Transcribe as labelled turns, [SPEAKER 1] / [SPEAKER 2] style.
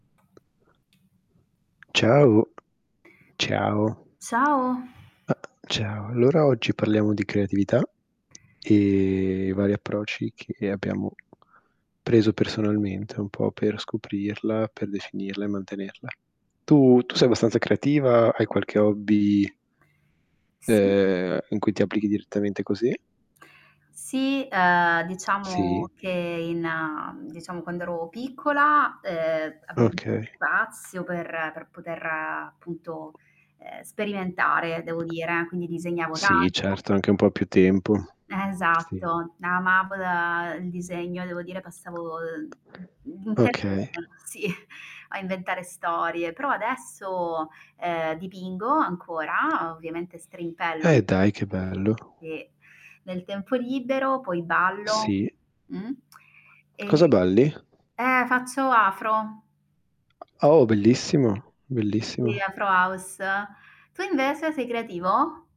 [SPEAKER 1] Ciao! Ciao.
[SPEAKER 2] Ciao!
[SPEAKER 1] Ah ciao, allora oggi parliamo di creatività e i vari approcci che abbiamo preso personalmente un po' per scoprirla, per definirla e mantenerla. Tu tu sei abbastanza creativa? Hai qualche hobby
[SPEAKER 2] Sì.
[SPEAKER 1] ehm, in cui ti applichi direttamente così?
[SPEAKER 2] Sì, ehm,
[SPEAKER 1] Sì.
[SPEAKER 2] diciamo che in diciamo quando ero piccola, ehm, avevo [unintelligible]
[SPEAKER 1] Okay.
[SPEAKER 2] spazio per per poter, appunto, ehm, sperimentare, devo dire. Quindi disegnavo
[SPEAKER 1] Sì
[SPEAKER 2] tanto
[SPEAKER 1] certo, anche un po' più tempo.
[SPEAKER 2] E
[SPEAKER 1] Sì.
[SPEAKER 2] esatto. Na ma [unintelligible] il disegno, devo dire, passavo, uhm,
[SPEAKER 1] Okay.
[SPEAKER 2] [unintelligible] sì, a inventare storie, però adesso, ehm, dipingo ancora, ovviamente strimpello
[SPEAKER 1] E dai, che bello!
[SPEAKER 2] e nel tempo libero poi ballo,
[SPEAKER 1] Sì.
[SPEAKER 2] mh,
[SPEAKER 1] Cosa
[SPEAKER 2] e
[SPEAKER 1] balli?
[SPEAKER 2] eh, faccio afro.
[SPEAKER 1] Oh, bellissimo! Bellissimo.
[SPEAKER 2] Sì, afro house. Tu invece, sei creativo?